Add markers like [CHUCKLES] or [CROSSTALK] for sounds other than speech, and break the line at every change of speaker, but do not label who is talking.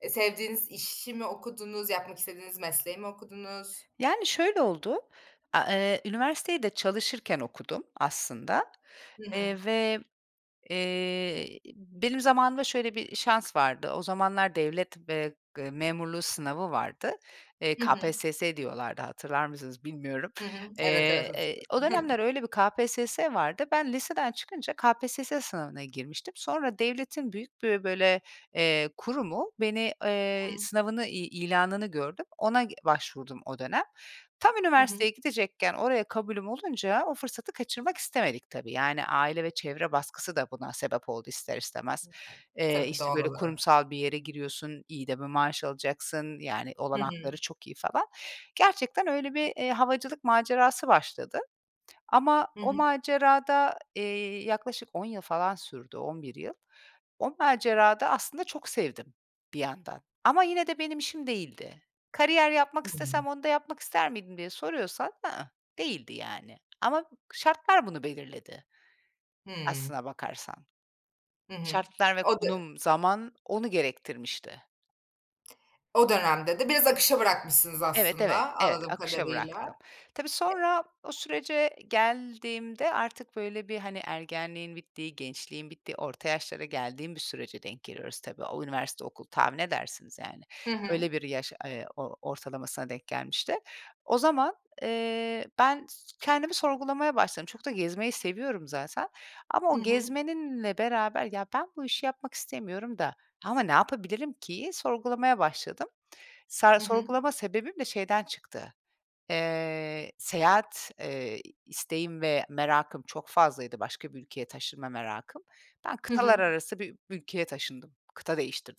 E, sevdiğiniz işimi okudunuz, yapmak istediğiniz mesleği mi okudunuz?
Yani şöyle oldu, a eee, üniversiteyi de çalışırken okudum aslında,
Hı
eee,
hı.
ve, eee, benim zamanımda şöyle bir şans vardı. O zamanlar devlet, eee, memurluğu sınavı vardı. Eee,
Hı hı.
KPSS diyorlardı hatırlar mısınız bilmiyorum.
Hı hı. Evet, evet,
Eee,
hatır
eee, o dönemler
[CHUCKLES]
öyle bir KPSS vardı. Ben liseden çıkınca KPSS sınavına girmiştim. Sonra devletin büyük bir böyle, eee, kurumu, beni, eee,
Hıı.
sınavını i ilanını gördüm. Ona başvurdum o dönem. Tam
Hı hı.
üniversiteye gidecekken oraya kabulüm olunca o fırsatı kaçırmak istemedik tabii. Yani aile ve çevre baskısı da buna sebep oldu, ister istemez. Eee,
Tabii
işte
doğal
böyle
olarak.
kurumsal bir yere giriyorsun, iyi de bir maaş alacaksın, yani,
Hı
olanakları
hı.
çok iyi falan. Gerçekten öyle bir, eee, havacılık macerası başladı ama
Hı
o
hı.
macerada, eee, yaklaşık 10 yıl falan sürdü, 11 yıl. O macerada aslında çok sevdim bir yandan ama yine de benim işim değildi. Kariyer yapmak istesem
[UNINTELLIGIBLE]
onu da yapmak ister miydim diye soruyorsan, ı ıh, değildi yani ama şartlar bunu belirledi,
Hıı.
aslına bakarsan.
Hı hı.
Şartlar ve
O dö
konum, zaman onu gerektirmişti.
O dönemde de biraz akışa bırakmışsınız,
Evet, evet,
aslında,
evet,
anladığım
akışa
kadarıyla.
bıraktım. Tabii
E
sonra o sürece geldiğimde artık böyle bir hani ergenliğin bittiği, gençliğin bittiği, orta yaşlara geldiğim bir sürece denk geliyoruz tabii. O üniversite, okul, tahmin edersiniz yani
Hı
öyle
hı.
bir yaş, eee, o ortalamasına denk gelmişti. O zaman, eee, ben s kendimi sorgulamaya başladım. Çok da gezmeyi seviyorum zaten ama
Hı
o
hı.
gezmeninle beraber ya ben bu işi yapmak istemiyorum da ama ne yapabilirim, ki'yi sorgulamaya başladım. Sa
Hı hı.
sorgulama sebebim de şeyden çıktı. Eee, seyahat, eee, isteğim ve merakım çok fazlaydı, başka bir ülkeye taşınma merakım. Ben
Hı
kıtalar
hı.
arası bir ülkeye taşındım, kıta değiştirdim.